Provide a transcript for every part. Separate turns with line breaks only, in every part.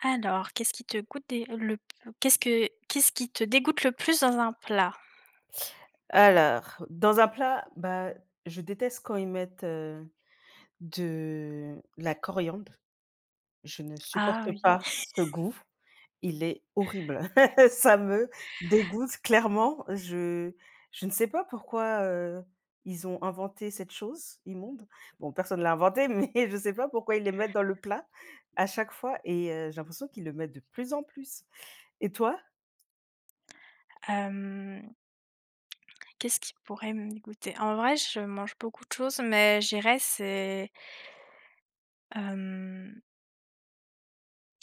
Alors, qu'est-ce qui te goûte des le p qu'est-ce que qu'est-ce qui te dégoûte le plus dans un plat?
Alors, dans un plat, bah, je déteste quand ils mettent, heu, de la coriandre. Je ne
Ah
supporte
oui!
pas ce goût, il est horrible. Ça me dégoûte clairement je je ne sais pas pourquoi, heu, ils ont inventé cette chose, immonde. Bon, personne l'a inventé, mais je sais pas pourquoi ils le mettent dans le plat à chaque fois et heu, j'ai l'impression qu'ils le mettent de plus en plus, et toi?
Hem qu'est-ce qui pourrait me dégoûter? En vrai, je mange beaucoup de choses, mais je dirais, c'est hem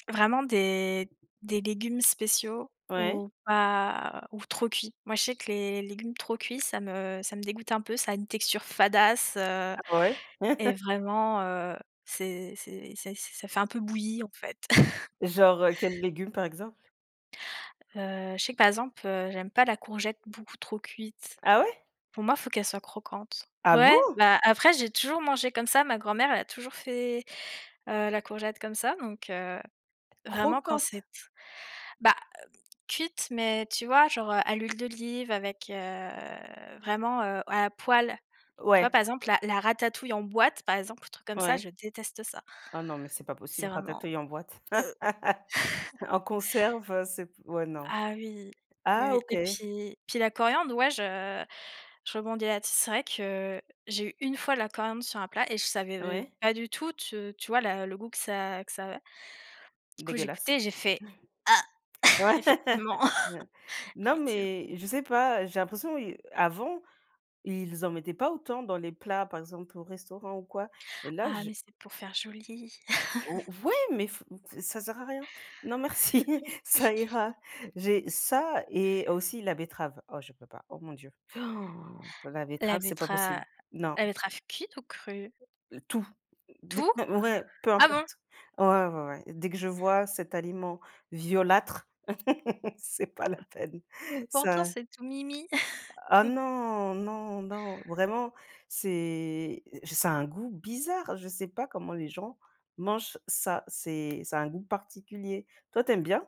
vraiment des des légumes spéciaux,
Ouais.
ou pas ou trop cuits. Moi, je sais que les les légumes trop cuits, ça me ça me dégoûte un peu, ça a une texture fadasse, heu
Ah ouais.
et vraiment, heu, c'est c'est c'est ça fait un peu bouilli, en fait.
Genre heu, quels légumes par exemple?
Heu, je sais que par exemple, heu, j'aime pas la courgette beaucoup trop cuite.
Ah ouais?
Pour moi, il faut qu'elle soit croquante.
Ah
Ouais,
bon?
bah, après j'ai toujours mangé comme ça, ma grand-mère, elle a toujours fait, heu, la courgette comme ça donc, heu, vraiment quand c'est
Croquante.
t bah, cuite mais tu vois genre à l'huile d'olive avec, heu, vraiment, heu, à la poêle. Tu vois,
Ouais.
par exemple la la ratatouille en boîte, par exemple, un truc comme ça,
Ouais.
je déteste ça
Ah non, mais c'est pas possible,
c'est vraiment
ratatouille en boîte.
heu.
En conserve, c'est p ouais, non.
Ah oui, oui,
Ah
oui
OK.
et puis puis la coriandre, ouais, je je rebondis là dess c'est vrai que, j'ai eu une fois de la coriandre sur un plat et je savais, heu,
Ouais.
pas du tout t tu vois le goût que ça que ça avait du coup, j'ai
Dégueulasse.
gouté et j'ai fait heu
Ouais.
effectivement.
Non
Effective
mais, je sais pas, j'ai l'impression ils avant, ils en mettaient pas autant dans les plats par exemple au restaurant ou quoi et là
Ah,
j
mais c'est pour faire joli.
ou ouais mais f ç ça sert à rien. Non merci,
Oui.
ça ira. J'ai ça et aussi la betterave. Oh, je peux pas. Oh, mon dieu. La
La
betterave c'est pas possible.
bettera
Non.
la betterave cuite ou crue?
Tout. D
Tout?
ouais, peu
Ah bon?
importe. Ah ouais, ouais, ouais, dès que je vois cet aliment violâtre. C'est pas la peine.
Pourtant,
Ça
c'est tout mimi.
Ah non, non, non, vraiment. C'est je s ça a un goût bizarre, je sais pas comment les gens mangent ça, c'est ça a un goût particulier, toi, tu aimes bien?